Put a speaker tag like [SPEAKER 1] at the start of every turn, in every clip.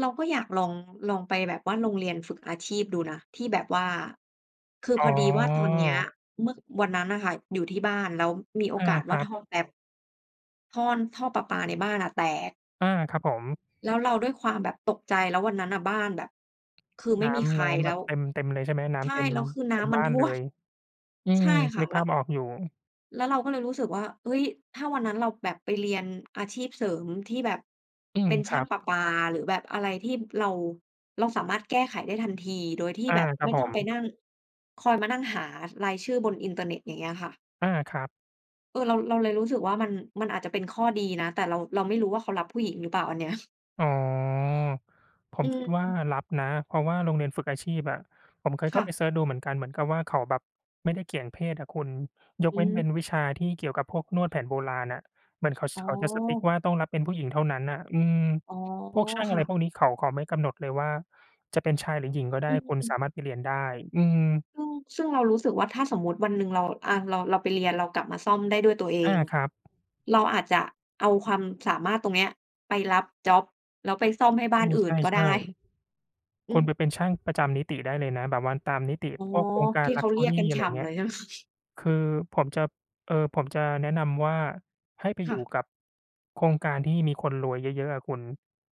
[SPEAKER 1] เราก็อยากลอง ลองไปแบบว่าโรงเรียนฝึกอาชีพดูนะ ที่แบบว่า คือ
[SPEAKER 2] อ๋
[SPEAKER 1] พ
[SPEAKER 2] อ
[SPEAKER 1] อดีว่าตอนเนี้ย เมื่อ วันนั้นน่ะค่ะ อยู่ที่บ้านแล้วมีโอ
[SPEAKER 2] อา
[SPEAKER 1] กาส
[SPEAKER 2] ค
[SPEAKER 1] ว่
[SPEAKER 2] ร
[SPEAKER 1] า
[SPEAKER 2] ั
[SPEAKER 1] ท
[SPEAKER 2] บ
[SPEAKER 1] ่อแป๊ป ท่อน ท่อประปาในบ้านอะแตก
[SPEAKER 2] อา ครับผม
[SPEAKER 1] แล้วเราด้วยความแบบตกใจ แล้ววันนั้นน่ะบ้านแบบคือไม
[SPEAKER 2] น
[SPEAKER 1] ่
[SPEAKER 2] ้
[SPEAKER 1] มีใค
[SPEAKER 2] ำ น
[SPEAKER 1] ร
[SPEAKER 2] ้ำ
[SPEAKER 1] แ
[SPEAKER 2] แ
[SPEAKER 1] ล
[SPEAKER 2] บ
[SPEAKER 1] ้
[SPEAKER 2] บ
[SPEAKER 1] ว
[SPEAKER 2] เต็ม เต็มเลยใช่ไหม น้
[SPEAKER 1] ใช่
[SPEAKER 2] ำเต็ม
[SPEAKER 1] แล้วคือน
[SPEAKER 2] เต
[SPEAKER 1] ้
[SPEAKER 2] ็ม
[SPEAKER 1] ำม
[SPEAKER 2] บ
[SPEAKER 1] ัน
[SPEAKER 2] ้า
[SPEAKER 1] ท
[SPEAKER 2] น
[SPEAKER 1] ่
[SPEAKER 2] เล
[SPEAKER 1] วม
[SPEAKER 2] ย อื
[SPEAKER 1] ใช
[SPEAKER 2] ม
[SPEAKER 1] ่ค่
[SPEAKER 2] นึ
[SPEAKER 1] ะ
[SPEAKER 2] ก
[SPEAKER 1] แล
[SPEAKER 2] ภ
[SPEAKER 1] ้
[SPEAKER 2] าพ
[SPEAKER 1] ว
[SPEAKER 2] ออกอยู่
[SPEAKER 1] แล้วเราก็เลยรู้สึกว่า เฮ้ย ถ้าวันนั้นเราแบบไปเรียนอาชีพเสริมที่แบบ
[SPEAKER 2] อื
[SPEAKER 1] เ
[SPEAKER 2] ม
[SPEAKER 1] ป็นช
[SPEAKER 2] ค
[SPEAKER 1] ่
[SPEAKER 2] ร
[SPEAKER 1] า
[SPEAKER 2] ั
[SPEAKER 1] ง
[SPEAKER 2] บ
[SPEAKER 1] ประปา หรือแบบอะไรที่เรา เราสามารถแก้ไขได้ทันที โดยที่
[SPEAKER 2] อา
[SPEAKER 1] แบบ
[SPEAKER 2] คร
[SPEAKER 1] ไ
[SPEAKER 2] ั
[SPEAKER 1] ม
[SPEAKER 2] บ
[SPEAKER 1] ่
[SPEAKER 2] ผ
[SPEAKER 1] ต้องไป
[SPEAKER 2] ม
[SPEAKER 1] นั่ง คอยมานั่งหารายชื่อบนอินเทอร์เน็ต อย่างเงี้ยค่ะ
[SPEAKER 2] อา ครับ
[SPEAKER 1] เออ เรา เราเลยรู้สึกว่ามัน มันอาจจะเป็นข้อดีนะ แต่เรา เราไม่รู้ว่าเขารับผู้หญิงหรือเปล่าอันเนี้ย
[SPEAKER 2] อ๋อ ผ
[SPEAKER 1] อ
[SPEAKER 2] ม
[SPEAKER 1] ื
[SPEAKER 2] คิดว่า
[SPEAKER 1] ม
[SPEAKER 2] รับนะ เพราะว่าโรงเรียนฝึกอาชีพอะ ผมเคย
[SPEAKER 1] ค
[SPEAKER 2] เข้
[SPEAKER 1] ่
[SPEAKER 2] าไป
[SPEAKER 1] ะ
[SPEAKER 2] เซิร์ชดูเหมือนกัน เหมือนกับว่าเขาแบบไม่ได้เกี่ยงเพศอะคุณ ย
[SPEAKER 1] อ
[SPEAKER 2] กเว
[SPEAKER 1] ื
[SPEAKER 2] ้นเป็
[SPEAKER 1] ม
[SPEAKER 2] นวิชาที่เกี่ยวกับพวกนวดแผนโบราณอะ เหมือนเขา ช
[SPEAKER 1] อ๋อ
[SPEAKER 2] เขาจะ strict ว่าต้องรับเป็นผู้หญิงเท่านั้นน่ะ อืม
[SPEAKER 1] อ๋อ
[SPEAKER 2] พวกช่าง
[SPEAKER 1] ค
[SPEAKER 2] อะ
[SPEAKER 1] ่
[SPEAKER 2] ไรพ
[SPEAKER 1] ะ
[SPEAKER 2] วกนี้เขา เขาไม่กำหนดเลยว่าจะเป็นชายหรือหญิงก็ได้
[SPEAKER 1] อื
[SPEAKER 2] คุณส
[SPEAKER 1] ม
[SPEAKER 2] ามารถไปเรียนได้ อืม
[SPEAKER 1] ชึ่ง ซึ่งเรารู้สึกว่าถ้าสมมุติวันหนึ่งเรา อา เรา เราไปเรียน เรากลับมาซ่อมได้ด้วยตัวเอ
[SPEAKER 2] อา
[SPEAKER 1] ง
[SPEAKER 2] ครับ
[SPEAKER 1] เราอาจจะเอาความสามารถตรงเนี้ยไปรับจ๊อบ แล้วไปซ่อมให้บ
[SPEAKER 2] อ
[SPEAKER 1] ้
[SPEAKER 2] า
[SPEAKER 1] านอื
[SPEAKER 2] ใ
[SPEAKER 1] ่นก็
[SPEAKER 2] ช
[SPEAKER 1] ได
[SPEAKER 2] ่
[SPEAKER 1] ้ อ
[SPEAKER 2] ๆ ค
[SPEAKER 1] ื
[SPEAKER 2] ุณ
[SPEAKER 1] ม
[SPEAKER 2] ไปเป็นช่างประจำนิติได้เลยนะ แบบว่าตามนิติ
[SPEAKER 1] อ๋อ
[SPEAKER 2] พวกโครงกา
[SPEAKER 1] ท
[SPEAKER 2] ร
[SPEAKER 1] ี่
[SPEAKER 2] ล
[SPEAKER 1] เ
[SPEAKER 2] ั
[SPEAKER 1] ข
[SPEAKER 2] ก
[SPEAKER 1] า
[SPEAKER 2] เช
[SPEAKER 1] เร
[SPEAKER 2] อ
[SPEAKER 1] ีย
[SPEAKER 2] ร
[SPEAKER 1] ก
[SPEAKER 2] ี่
[SPEAKER 1] กัน
[SPEAKER 2] อะ
[SPEAKER 1] ฉ
[SPEAKER 2] ไรอ
[SPEAKER 1] ่
[SPEAKER 2] ย่างเง
[SPEAKER 1] ำ
[SPEAKER 2] ี
[SPEAKER 1] เ
[SPEAKER 2] ้
[SPEAKER 1] ล
[SPEAKER 2] ย
[SPEAKER 1] ยใช่ ไหม?
[SPEAKER 2] คือผมจะ เอ่อ ผมจะแนะนำว่าให้ไป
[SPEAKER 1] ค
[SPEAKER 2] อ
[SPEAKER 1] ่
[SPEAKER 2] ยู
[SPEAKER 1] ะ
[SPEAKER 2] ่กับโครงการที่มีคนรวยเยอะ ๆ อะคุณ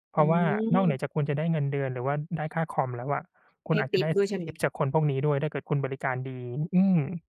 [SPEAKER 2] เพ
[SPEAKER 1] อ
[SPEAKER 2] ร
[SPEAKER 1] ื
[SPEAKER 2] าะว่านอกเหนือ
[SPEAKER 1] ม
[SPEAKER 2] จากคุณจะได้เงินเดือนหรือว่าได้ค่าคอมแล้วอะ คุ
[SPEAKER 1] ให
[SPEAKER 2] ณ
[SPEAKER 1] ้
[SPEAKER 2] อาจ
[SPEAKER 1] ท
[SPEAKER 2] จะ
[SPEAKER 1] ิ
[SPEAKER 2] ไ
[SPEAKER 1] ป
[SPEAKER 2] ด้
[SPEAKER 1] ด้วย
[SPEAKER 2] ส
[SPEAKER 1] ใช่ไ
[SPEAKER 2] ท
[SPEAKER 1] ห
[SPEAKER 2] ิป
[SPEAKER 1] ม?
[SPEAKER 2] จากคนพวกนี้ด้วย ถ้าเกิดคุณบริการดี อืม